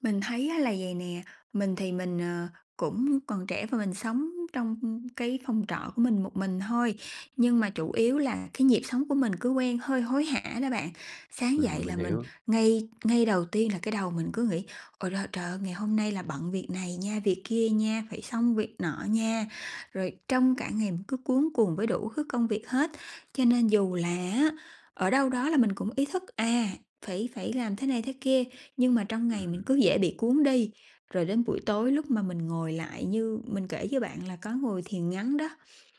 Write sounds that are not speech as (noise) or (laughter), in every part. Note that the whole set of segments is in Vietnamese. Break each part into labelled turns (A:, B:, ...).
A: Mình thấy á là vầy nè, mình thì mình, ờ, cũng còn trẻ và mình sống trong cái phòng trọ của mình một mình thôi, nhưng mà chủ yếu là cái nhịp sống của mình cứ quen hơi hối hả đó bạn. Sáng dậy
B: Ừm, mình
A: là mình
B: hiểu.
A: ngay ngay đầu tiên là cái đầu mình cứ nghĩ ôi lơ trời ơi, ngày hôm nay là bận việc này nha, việc kia nha, phải xong việc nọ nha, rồi trong cả ngày mình cứ cuống cuồng với đủ thứ công việc hết. Cho nên dù là á, ở đâu đó là mình cũng ý thức, à, phải phải làm thế này thế kia, nhưng mà trong ngày mình
B: Ừm.
A: cứ dễ bị cuốn đi. Rồi đến buổi tối lúc mà mình ngồi lại như mình kể cho bạn là có ngồi thiền ngắn đó,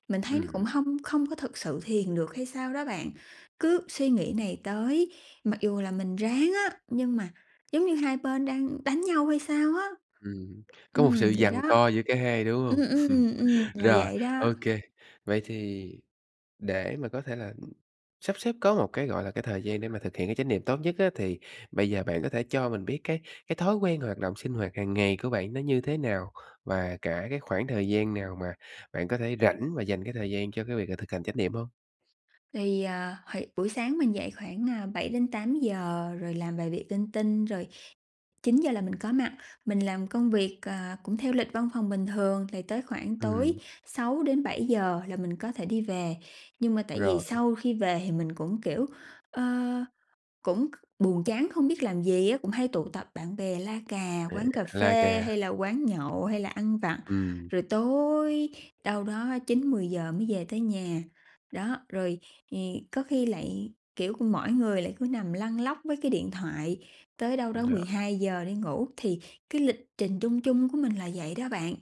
A: mình thấy nó cũng
B: Ừm.
A: hông không có thực sự thiền được hay sao đó bạn. Cứ suy nghĩ này tới mặc dù là mình ráng á, nhưng mà giống như hai bên đang đánh nhau hay sao á.
B: Ừm. Có một
A: Ừm,
B: sự
A: vậy
B: giằng
A: đó.
B: co giữa cả hai, đúng
A: Ừm,
B: hông?
A: ừm, ừm,
B: (chuckles)
A: là
B: Rồi,
A: vậy đó.
B: ô kê. Vậy thì để mà có thể là sắp xếp có một cái, gọi là, cái thời gian để mà thực hiện cái chánh niệm tốt nhất á, thì bây giờ bạn có thể cho mình biết cái cái thói quen hoạt động sinh hoạt hàng ngày của bạn nó như thế nào? Và cả cái khoảng thời gian nào mà bạn có thể rảnh và dành cái thời gian cho cái việc là thực hành chánh niệm hông?
A: Thì, ờ, hồi buổi sáng mình dậy khoảng, à, 7:00-8:00 rồi làm vài việc linh tinh, rồi 9:00 là mình có mặt. Mình làm công việc, à, cũng theo lịch văn phòng bình thường, thì tới khoảng tối
B: Ừm.
A: 6:00-7:00 là mình có thể đi về. Nhưng mà tại vì
B: Rồi.
A: sau khi về thì mình cũng, kiểu, ơ, cũng c buồn chán không biết làm gì á, cũng hay tụ tập bạn bè la cà
B: Ừ,
A: quán cà
B: la
A: phê
B: cà.
A: hay là quán nhậu hay là ăn vặt,
B: Ừm.
A: rồi tối đâu đó 9:00-10:00 mới về tới nhà. Đó, rồi thì có khi lại kiểu của mỗi người lại cứ nằm lăn lóc với cái điện thoại tới đâu đó mười
B: Rồi.
A: hai giờ đi ngủ. Thì cái lịch trình chung chung của mình là vậy đó bạn.